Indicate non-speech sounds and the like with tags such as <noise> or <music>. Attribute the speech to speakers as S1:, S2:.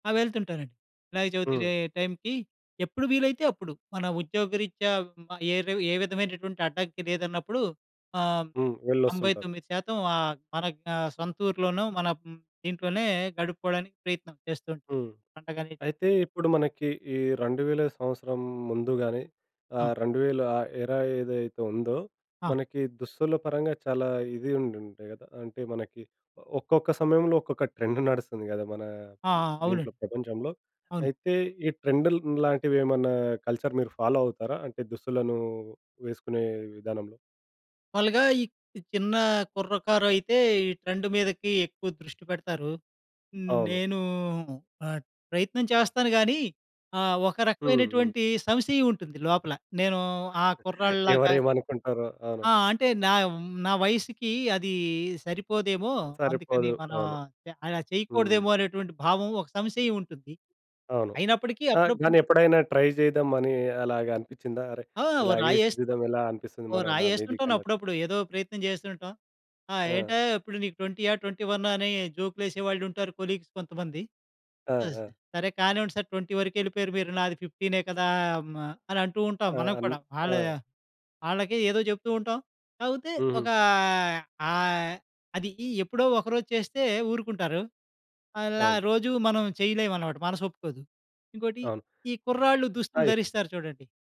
S1: ఆ! వెళ్తుంటానండి. వినాయక
S2: హ్మ్.
S1: చవితికయే టైంకి, ఎప్పుడు వీలైతే అప్పుడు. మన ఉద్యోగరీత్యా హ్మ్, ఆహ్, ఏదో ఏ విధమైనటువంటి అడ్డంకి లేదన్నప్పుడు ఆహ్,
S2: హ్మ్.
S1: తొంభై
S2: వెళ్ళొస్తుంటారు.
S1: తొమ్మిది శాతం ఆహ్, మన యొక్క సొంతూర్లోనో మన హ్మ్, ఇంట్లోనే గడుపుకోడానికి ప్రయత్నం చేస్తూ ఉంటాం
S2: హ్మ్.
S1: పండగ‌నేది.
S2: అయితే, ఇప్పుడు మనకి ఈ 2,000 సంవత్సరం ముందు గాని
S1: ఆ!
S2: ఆహ్, 2020 ఏదైతే ఉందో,
S1: ఆ!
S2: మనకి దుస్తుల పరంగా చాలా ఇది ఉండుండే కదా! అంటే, మనకి ఒక్కొక్క సమయంలో, ఒక్కొక్క ట్రెండ్ నడుస్తుంది కదా! మన
S1: ఆ! ఆ! అవునండి.
S2: దీంట్లో ప్రపంచంలో.
S1: అవును.
S2: అయితే ఈ ట్రెండ్‌ల్లాంటివేమన్నా కల్చర్ మీరు ఫాలో అవుతారా అంటే దుస్తులను వేసుకునే విధానంలో?
S1: మాములుగా ఈ ఈ చిన్న కుర్రకారయితే, ఈ ట్రెండ్ మీదకి ఎక్కువ దృష్టి పెడతారు.
S2: అవును.
S1: నేనూ ఆహ్, ప్రయత్నం చేస్తాను గాని ఆహ్, ఒక
S2: హ్మ్, హ్మ్.
S1: రకవైనటువంటి సంశయవుంటుంది లోపల. నేను ఆ
S2: <chuckles>
S1: కుర్రాడి‌లాగా
S2: ఎవరేమనుకుంటారో! అవును.
S1: ఆ! అంటే, నావ్ హ్మ్, నా వయసుకి అది సరిపోదేమో! అందుకని
S2: సరిపోదు.
S1: మనం
S2: అవును.
S1: య అలా
S2: హ్మ్.
S1: చేయకూడదేమో అనేటటువంటి భావం, ఒక సంశయం ఉంటుంది.
S2: అవును.
S1: అయినప్పటికీ,
S2: ఆ! గానీ
S1: అప్పుడప్పుడు
S2: ఎప్పుడైనా ట్రై చేద్దాం అని అలాగా అనిపిచ్చిందా? అరె!
S1: ఆ! ఓ
S2: ఇలాగే‌సుకు
S1: రాయేస్త్
S2: తిరుగుదాం ఎలా అనిపిస్తుంది
S1: ఓ
S2: మన నా
S1: రాయేస్తుంటాను
S2: మీదకన్నట్టు?
S1: అప్పుడప్పుడు. ఏదో ప్రయత్నం జేస్తూ ఉంటాం. "ఆ!
S2: ఆ!
S1: ఏంటయ్యా ఇప్పుడు నీకు ట్వెంటీయా, ట్వెంటీ వన్నా? అని" జోకులేసేవాళ్లుంటారు కొలీగ్స్ కొంతమంది.
S2: ఆ!
S1: అస్‌డ్
S2: ఆ!
S1: సరే కానివ్వండి సార్! 20 వరుకెళిపోయారు మీరు. నాది 15 కదా! అని అంటూ ఉంటాం
S2: ఆ!
S1: మనం
S2: అన్
S1: కూడా.
S2: ఆ!
S1: ఆళ్ళయ ఆళ్ళకే ఏదో చెప్తూ ఉంటాం. కాపోతే,
S2: హుహు.
S1: ఒకా ఆహ్, అది ఈ ఎప్పుడో ఒకరోజు చేస్తే ఊరుకుంటారు. అలా
S2: అవును.
S1: రోజు మనం చెయ్యలేవనమాట. మనసొప్పుకోదు. ఇంకోటి,
S2: అవును.
S1: ఈ కుర్రాళ్ళు దుస్తులు
S2: అయ్యో!
S1: ధరిస్తారు చూడండి.